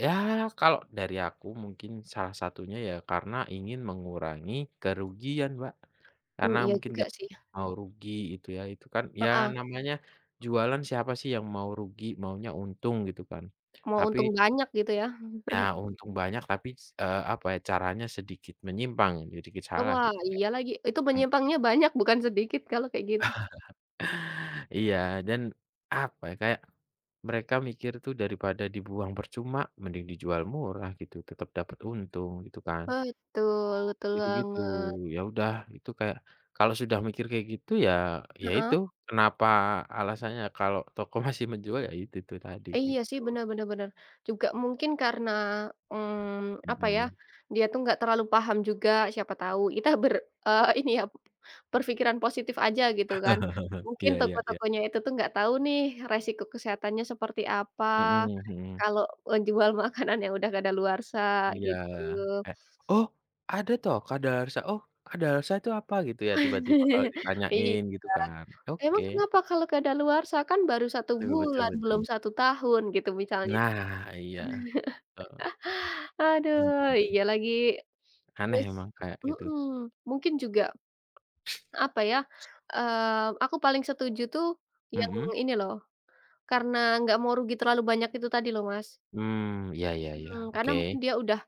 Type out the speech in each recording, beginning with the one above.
Ya, kalau dari aku, mungkin salah satunya ya, karena ingin mengurangi kerugian, Mbak. Mmm, Karena iya mungkin juga enggak sih. mau rugi itu ya. Itu kan, ya Heeh. namanya jualan siapa sih yang mau rugi, maunya untung gitu kan. Mau Tapi untung banyak gitu ya. nah, untung banyak tapi s eee, apa ya caranya sedikit menyimpang sedikit E salah wah, gitu kan, iya, lagi. Itu mmm. menyimpangnya banyak bukan sedikit kalau kayak gitu. Iya, dan apa ya, kayak mereka mikir tuh daripada dibuang percuma mending dijual murah gitu tetap dapat untung gitu kan. Betul, betul Gitu gitu. banget. Ya udah itu kayak kalau sudah mikir kayak gitu ya, ya Heeh. itu kenapa alasannya kalau toko masih menjual ya itu, itu tadi, Iya, sih, gitu. bener bener bener. Juga mungkin karena, mmm, apa ya, Mhm. dia tuh enggak terlalu paham juga siapa tau, kita ber eee, ini ya, berpikiran positif aja gitu kan. Mungkin Iya iya iya. toko-tokonya itu tuh enggak tau nih resiko kesehatannya seperti apa. Mhm mhm. Kalau menjual makanan yang udah kadaluarsa, Iya. gitu. Eh, "Oh, ada toh kadaluarsa? Oh, kadaluarsa itu apa?" Gitu ya tiba-tiba kalau Iya. ditanyain gitu kan, oke. "Emang kenapa kalau kadaluarsa? Kan baru 1 Betul betul bulan, belum betul. 1 tahun," gitu misalnya. Nah, iya. Heeh. Aduh, Mhm. iya lagi. Aneh Terus memang kayak gitu. mhm, mungkin juga, apa ya, eee, aku paling setuju tuh yang Mhm. ini loh, karena enggak mau rugi terlalu banyak itu tadi loh, Mas. Mmm, iya iya iya, Mhm, karena oke. mungkin dia udah,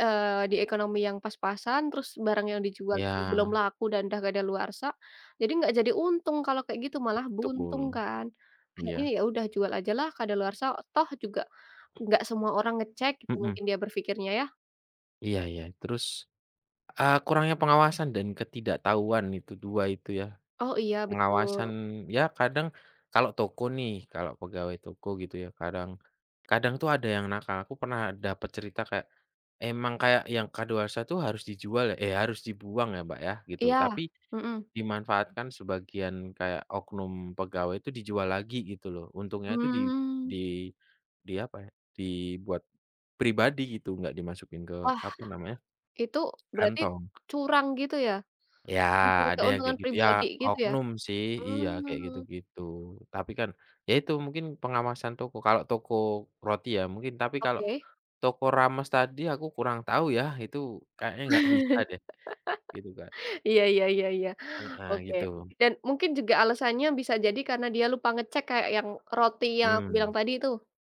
eee, di ekonomi yang pas-pasan terus barang yang dijual itu belum Iya. laku dan udah kadaluarsa, jadi enggak jadi untung kalau kayak gitu malah buntung Betul, kan. Akhirnya, iya. ya udah jual aja lah kadaluarsa, toh juga nggak semua orang ngecek gitu Mhm. mungkin dia berpikirnya ya. Iya iya. Terus, eee, kurangnya pengawasan dan ketidaktahuan itu, 2 itu ya. Oh, iya, Pengawasan betul. ya, kadang kalau toko nih kalau pegawai toko gitu ya kadang kadang tuh ada yang nakal aku pernah dapet cerita kayak, emang kayak yang kadaluarsa tuh harus dijual ya eh, harus dibuang ya, Mbak, ya, gitu. Iya. Tapi Mhm. dimanfaatkan sebagian kayak oknum pegawai itu dijual lagi gitu loh, untungnya itu di Mmm. di di apa ya, dibuat pribadi gitu, enggak dimasukin ke Wah. apa namanya? Itu berarti Kantong. curang gitu ya? Iya, Mencari ada yang kayak keuntungan gitu. Ya, pribadi gitu ya? oknum sih. Iya, kayak Mmm. gitu-gitu. Tapi kan, ya itu mungkin pengawasan toko kalau toko roti ya mungkin tapi kalau Oke. toko rames tadi aku kurang tahu ya, itu kayaknya nggak bisa deh, gitu, Kak. Iya iya iya iya. Heeh, Oke. gitu. Dan mungkin juga alasannya bisa jadi karena dia lupa ngecek kayak yang roti yang aku Mmm. bilang tadi tuh.